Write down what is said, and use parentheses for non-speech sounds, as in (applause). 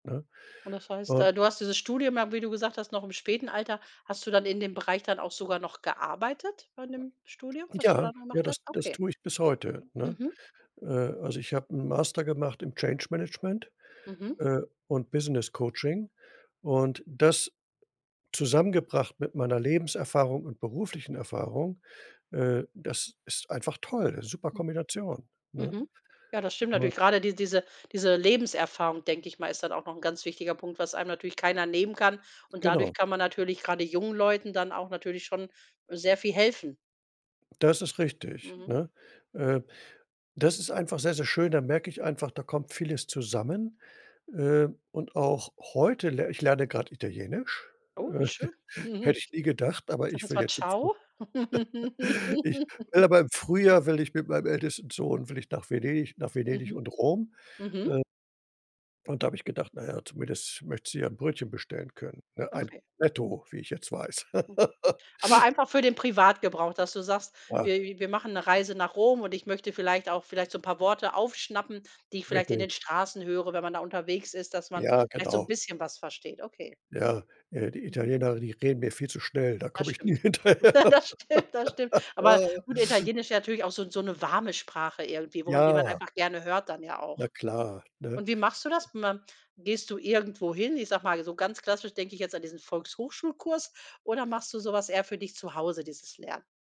Ne? Und das heißt, Ähm äh, du hast dieses Studium ja, wie du gesagt hast, noch im späten Alter. Hast du dann in dem Bereich dann auch sogar noch gearbeitet, von dem Studium, was du Ja, da ja, gemacht hast? das das Okay. tue ich bis heute, ne? Mhm. Äh, also, ich habe 'n Master gemacht im Change Management, Mhm. äh, und Business Coaching. Und das zusammengebracht mit meiner Lebenserfahrung und beruflichen Erfahrung, äh, das ist einfach toll. Super Kombination, ne? Mhm. Ja, das stimmt natürlich. Gerade die diese diese Lebenserfahrung, denke ich mal, ist dann auch noch 'n ganz wichtiger Punkt, was einem natürlich keiner nehmen kann. Und dadurch Genau. kann man natürlich gerade jungen Leuten dann auch natürlich schon, äh, sehr viel helfen. Das ist richtig, Mhm. ne? Ähm, das ist einfach sehr, sehr schön, da merke ich einfach, da kommt vieles zusammen. Ähm, und auch heute le ich lerne gerade Italienisch, Oh, wie äh, schön. hätte ich (chuckles) nie gedacht, aber Ich sage ich jetzt will mal jetzt im Früh ciao. (laughs) ich will aber im Frühjahr will ich mit meinem (laughs) ältesten Sohn will ich nach Venedig nach Venedig Mhm. und Rom. Mhm. Äh und da habe ich gedacht, naja, zumindest möchtest du ja 'n Brötchen bestellen können, ne, ein Okay. Cornetto, wie ich jetzt weiß. (laughs) Aber einfach für den Privatgebrauch, dass du sagst: „Wir wir machen 'ne Reise nach Rom und ich möchte vielleicht auch vielleicht so 'n paar Worte aufschnappen, die ich vielleicht in den Richtig. Straßen höre, wenn man da unterwegs ist, dass man Ja, vielleicht so 'n genau. bisschen was versteht.“ Okay. Ja, äh, die Mhm. Italiener, die reden mir viel zu schnell, da Das komme ich nie stimmt. (laughs) hinterher. Das stimmt, das stimmt. Aber (laughs) gut, Italienisch ja natürlich auch so 'n so 'ne warme Sprache irgendwie, wo man die man Ja. einfach gerne hört dann ja Na auch. klar, ne? Und wie machst du das? (unintelligible) Gehst du irgendwo hin? Ich sage mal, so ganz klassisch denke ich jetzt an diesen Volkshochschulkurs oder machst du so was eher für dich zu Hause, dieses Lernen?